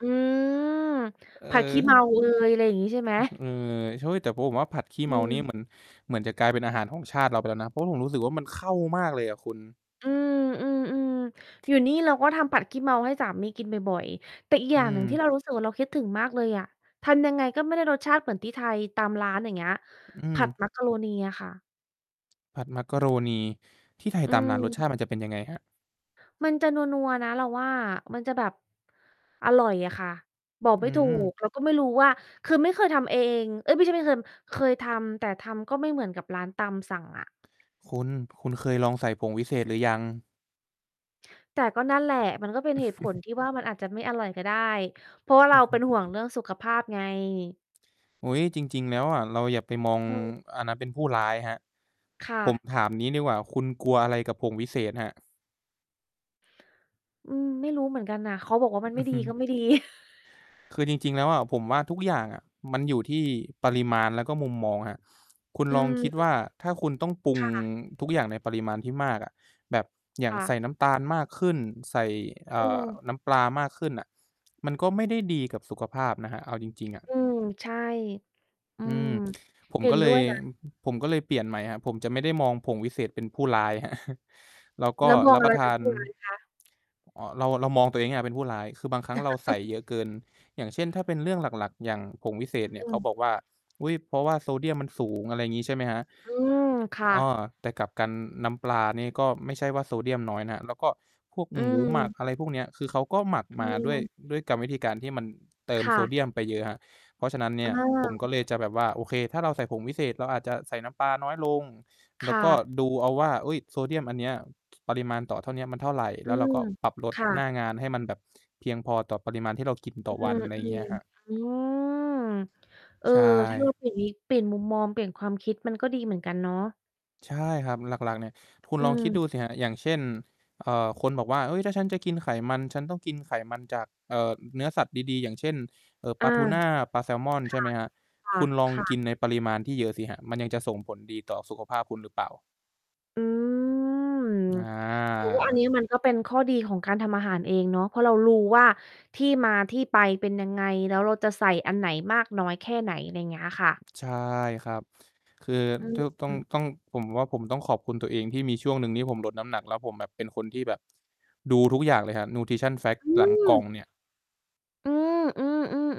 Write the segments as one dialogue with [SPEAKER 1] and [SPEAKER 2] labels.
[SPEAKER 1] อืม
[SPEAKER 2] เ
[SPEAKER 1] ผัด ขี้เมา
[SPEAKER 2] ออ
[SPEAKER 1] เอย อะไรอย่างนี้ใช่ไหม?
[SPEAKER 2] อ เอ่อ เฮ้ย แต่ผมว่าผัดขี้
[SPEAKER 1] อื
[SPEAKER 2] เมานี่
[SPEAKER 1] ม
[SPEAKER 2] เหมือน เหมือนจะกลายเป็นอาหารของชาติเราไปแล้วนะ เพราะผมรู้สึกว่า มันเข้ามากเลยอะคุณ
[SPEAKER 1] อืม ๆ ๆ อยู่นี่เราก็ทำผัดขี้เมาให้สามีกินบ่อย ๆ แต่อีกอย
[SPEAKER 2] อื
[SPEAKER 1] ่างหนึ่งท
[SPEAKER 2] ม
[SPEAKER 1] ี่เรา รู้สึกว่า เราคิดถึงมากเลยอะ ทำยังไงก็ไม่ได้รสชาติเหมือนที่ไทยตามร้าน อย่างเงี้ย
[SPEAKER 2] อื
[SPEAKER 1] ผัด
[SPEAKER 2] ม
[SPEAKER 1] มักกะโรนีอะค่ะ
[SPEAKER 2] ผัดมักกะโรนี ที่ไทย
[SPEAKER 1] อื
[SPEAKER 2] ตามร้านรส
[SPEAKER 1] ม
[SPEAKER 2] ชาติมันจะเป็นยังไงครับ?
[SPEAKER 1] มันจะนัว ๆ นะ เราว่า มันจะแบบ อร่อยอะค่ะ บอก
[SPEAKER 2] อ
[SPEAKER 1] ไ
[SPEAKER 2] ื
[SPEAKER 1] ม่ ถู
[SPEAKER 2] ม
[SPEAKER 1] ก เราก็ไม่รู้ว่า คือไม่เคยทำเอง เอ๊ย ไม่ใช่ไม่เคย เคยทำ แต่ทำก็ไม่เหมือนกับร้านตามสั่งอะ
[SPEAKER 2] คุณ คุณเคยลองใส่ผงวิเศษหรือยัง?
[SPEAKER 1] แต่ก็นั่นแหละ มันก็เป็นเหตุผลที่ว่ามันอาจจะไม่อร่อยก็ได้ เพราะว่า
[SPEAKER 2] อ
[SPEAKER 1] เร
[SPEAKER 2] ื
[SPEAKER 1] า
[SPEAKER 2] อฮ
[SPEAKER 1] เ
[SPEAKER 2] ึ
[SPEAKER 1] ป็นห่วงเรื่องสุขภาพไง
[SPEAKER 2] อุ๊ย จริง ๆ แล้วอะ เราอย่าไปมอง
[SPEAKER 1] อืม
[SPEAKER 2] อันนั้นเป็นผู้ร้ายครับ
[SPEAKER 1] ค่
[SPEAKER 2] ผ
[SPEAKER 1] ะ
[SPEAKER 2] มถามงี้ดีกว่า คุณกลัวอะไรกับผงวิเศษครับ?
[SPEAKER 1] อืม ไม่รู้เหมือนกันน่ะ เขาบอกว่ามัน
[SPEAKER 2] อ
[SPEAKER 1] ไม
[SPEAKER 2] ื
[SPEAKER 1] ่
[SPEAKER 2] อ
[SPEAKER 1] ด
[SPEAKER 2] ฮ
[SPEAKER 1] ี
[SPEAKER 2] ึ
[SPEAKER 1] ก็ไม่ดี
[SPEAKER 2] คือจริง ๆ แล้วอะผมว่า ทุกอย่างอะมันอยู่ที่ปริมาณ แล้วก็มุมมองครับ คุณ
[SPEAKER 1] อื
[SPEAKER 2] ลองคิดว
[SPEAKER 1] ม
[SPEAKER 2] ่า ถ้าคุณต้องปรุง
[SPEAKER 1] ค่ะ
[SPEAKER 2] ทุกอย่างในปริมาณที่มากอะ แบบอย่
[SPEAKER 1] ค
[SPEAKER 2] าง
[SPEAKER 1] ่
[SPEAKER 2] ใส
[SPEAKER 1] ะ
[SPEAKER 2] ่น้ำตาลมากขึ้น ใส่ เ
[SPEAKER 1] อ
[SPEAKER 2] อ
[SPEAKER 1] ื
[SPEAKER 2] ่อ
[SPEAKER 1] ม
[SPEAKER 2] น้ำปลามากขึ้นอะ มันก็ไม่ได้ดีกับสุขภาพนะครับ เอาจริง ๆ อะ
[SPEAKER 1] อืม ใช่ อื
[SPEAKER 2] อื
[SPEAKER 1] ม
[SPEAKER 2] ม ผม
[SPEAKER 1] เห็
[SPEAKER 2] ก็
[SPEAKER 1] น
[SPEAKER 2] เล
[SPEAKER 1] ด้
[SPEAKER 2] ย
[SPEAKER 1] วย นะ
[SPEAKER 2] ผมก็เลยเปลี่ยนใหม่ครับ ผมจะไม่ได้มองผงวิเศษเป็นผู้ร้ายครับ แล้วก็
[SPEAKER 1] แล้วมอ
[SPEAKER 2] ร
[SPEAKER 1] ง
[SPEAKER 2] ับ
[SPEAKER 1] อ
[SPEAKER 2] ป
[SPEAKER 1] ะ
[SPEAKER 2] ร
[SPEAKER 1] ไ
[SPEAKER 2] ะ
[SPEAKER 1] ร
[SPEAKER 2] ท
[SPEAKER 1] เป
[SPEAKER 2] า
[SPEAKER 1] ็น
[SPEAKER 2] น
[SPEAKER 1] ผู้ร้ายคะ?
[SPEAKER 2] เอ่อ เรา เรามองตัวเองให้เราเป็นผู้ร้าย คือบางครั้งเราใส่เยอะเกิน อย่างเช่น ถ้าเป็นเรื่องหลัก ๆ อย่างผงวิเศษ
[SPEAKER 1] อ
[SPEAKER 2] เนี่ย เข
[SPEAKER 1] ื
[SPEAKER 2] า
[SPEAKER 1] ม
[SPEAKER 2] บอกว่า อุ๊ย เพราะว่าโซเดียมมันสูง อะไรอย่างงี้ ใช่ไหมครับ?
[SPEAKER 1] อืม ค่
[SPEAKER 2] อ้อ
[SPEAKER 1] ะ
[SPEAKER 2] แต่กลับกันน้ำปลานี่ก็ไม่ใช่ว่าโซเดียมน้อยนะครับ แล้วก็พวก
[SPEAKER 1] อื
[SPEAKER 2] หมูหมัก
[SPEAKER 1] ม
[SPEAKER 2] อะไรพวกเนี้ย คือเขาก็หมัก
[SPEAKER 1] อื
[SPEAKER 2] มาด้วย
[SPEAKER 1] ม
[SPEAKER 2] ด้วยกรรมวิธีการที่มันเติม
[SPEAKER 1] ค่
[SPEAKER 2] โซ
[SPEAKER 1] ะ
[SPEAKER 2] เดียมไปเยอะครับ เพราะฉะนั้นเนี
[SPEAKER 1] เ
[SPEAKER 2] ่ยผมก
[SPEAKER 1] ออ
[SPEAKER 2] ็เลยจะแบบว่า โอเค ถ้าเราใส่ผงวิเศษเราอาจจะใส่น้ำปลาน้อยลง แ
[SPEAKER 1] ค
[SPEAKER 2] ล้ว
[SPEAKER 1] ่
[SPEAKER 2] ก็
[SPEAKER 1] ะ
[SPEAKER 2] ดูเอาว่า อุ๊ย โซเดียมอันเนี้ย ถ ปริมาณต่อเท่าเนี้ยมันเท่าไร
[SPEAKER 1] อ
[SPEAKER 2] แล
[SPEAKER 1] ื
[SPEAKER 2] ้วเรา
[SPEAKER 1] ม
[SPEAKER 2] ก็ปรับลด
[SPEAKER 1] ค่
[SPEAKER 2] หน้
[SPEAKER 1] ะ
[SPEAKER 2] างานให้มันแบบเพียงพอต่อปริมาณที่เรากินต
[SPEAKER 1] อ
[SPEAKER 2] ่
[SPEAKER 1] ื
[SPEAKER 2] อวัน
[SPEAKER 1] ม
[SPEAKER 2] อะไรอย่างเงี้ยครับ
[SPEAKER 1] ๆ อืม เออ
[SPEAKER 2] ใช
[SPEAKER 1] ถ้าเรา
[SPEAKER 2] ่
[SPEAKER 1] เปลี่ยนนิ เปลี่ยนมุมมอง เปลี่ยนความคิดมันก็ดีเหมือนกันเนาะ
[SPEAKER 2] ใช่ครับ หลัก ๆ เนี่ย คุณ
[SPEAKER 1] อื
[SPEAKER 2] ลองคิด
[SPEAKER 1] ม
[SPEAKER 2] ดูสิครับ อย่างเช่น เอ่อ คนบอกว่า "เฮ้ย ถ้าฉันจะกินไขมัน ฉันต้องกินไขมันจาก เอ่อ เนื้อสัตว์ดี ๆ อย่างเช่น เอ่อ
[SPEAKER 1] อ
[SPEAKER 2] ป
[SPEAKER 1] า
[SPEAKER 2] ลาทูน่า ปลาแซมอน" ใช่ไหมครับ
[SPEAKER 1] ค่
[SPEAKER 2] ค
[SPEAKER 1] ะ
[SPEAKER 2] ุณลอง
[SPEAKER 1] ค่ะ
[SPEAKER 2] ก
[SPEAKER 1] ค่ะ
[SPEAKER 2] ินในปริมาณที่เยอะสิครับ มันยังจะส่งผลดีต่อสุขภาพคุณหรือเปล่า?
[SPEAKER 1] อืม
[SPEAKER 2] อ
[SPEAKER 1] แต่ว่าอัน
[SPEAKER 2] า
[SPEAKER 1] นี้ มันก็เป็นข้อดีของการทำอาหารเองเนาะ เพราะเรารู้ว่า ที่มาที่ไปเป็นยังไง แล้วเราจะใส่อันไหนมากน้อยแค่ไหน อะไรอย่างเงี้ยค่ะ
[SPEAKER 2] ใช่ครับ คือ
[SPEAKER 1] อื
[SPEAKER 2] ตื้อ ต้อง
[SPEAKER 1] ม
[SPEAKER 2] ต้อง ผมว่าผมต้องขอบคุณตัวเองที่มีช่วงหนึ่งที่ผมลดน้ำหนัก แล้วผมแบบเป็นคนที่แบบ ดูทุกอย่างเลยครับ Nutrition
[SPEAKER 1] อ
[SPEAKER 2] Facts
[SPEAKER 1] ื
[SPEAKER 2] หลังกล่อง
[SPEAKER 1] ม
[SPEAKER 2] เนี่ย
[SPEAKER 1] อืม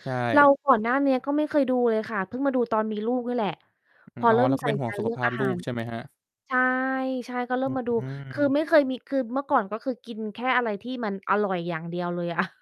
[SPEAKER 2] ใช
[SPEAKER 1] ๆ ๆ เร
[SPEAKER 2] ่
[SPEAKER 1] าก่อนหน้านี้ก็ไม่เคยดูเลยค่ะ เพิ่งมาดู ตอนมีลูกนี่แหละ พอ
[SPEAKER 2] อ๋
[SPEAKER 1] เ
[SPEAKER 2] อ
[SPEAKER 1] ริ่
[SPEAKER 2] เ
[SPEAKER 1] ม
[SPEAKER 2] ราก็
[SPEAKER 1] ใส
[SPEAKER 2] เป
[SPEAKER 1] ่
[SPEAKER 2] ็นห่
[SPEAKER 1] ใ
[SPEAKER 2] ว
[SPEAKER 1] จ
[SPEAKER 2] งสุ
[SPEAKER 1] เ
[SPEAKER 2] ข
[SPEAKER 1] รื่อ
[SPEAKER 2] ภ
[SPEAKER 1] ง
[SPEAKER 2] า
[SPEAKER 1] อ
[SPEAKER 2] พ
[SPEAKER 1] า
[SPEAKER 2] ล
[SPEAKER 1] หา
[SPEAKER 2] ูก
[SPEAKER 1] ร
[SPEAKER 2] ใช่ไหมครับ?
[SPEAKER 1] ใช่ ใช่ ก็เริ่
[SPEAKER 2] อ
[SPEAKER 1] มมาดู
[SPEAKER 2] ื
[SPEAKER 1] คือไม่เคย
[SPEAKER 2] ม
[SPEAKER 1] มี คือเมื่อก่อน ก็คือ กินแค่อะไรที่มันอร่อยอย่างเดียวเลยอะ